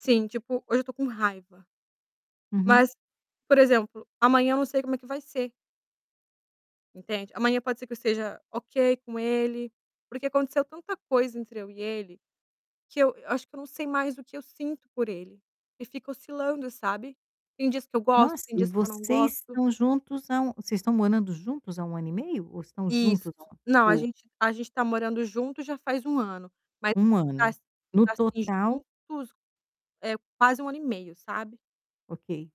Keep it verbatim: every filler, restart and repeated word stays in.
Sim, tipo, hoje eu estou com raiva. Uhum. Mas, por exemplo, amanhã eu não sei como é que vai ser. Entende? Amanhã pode ser que eu esteja ok com ele. Porque aconteceu tanta coisa entre eu e ele, que eu acho que eu eu não sei mais o que eu sinto por ele. E fica oscilando, sabe. Tem dias que eu gosto, Nossa, tem e dias que eu não vocês gosto. estão juntos há um vocês estão morando juntos há um ano e meio? Ou estão Isso. juntos há um ano? Não a O gente a gente está morando junto já faz um ano. Mas um a gente ano? No está assim total? juntos, eh, quase um ano e meio, sabe. Ok.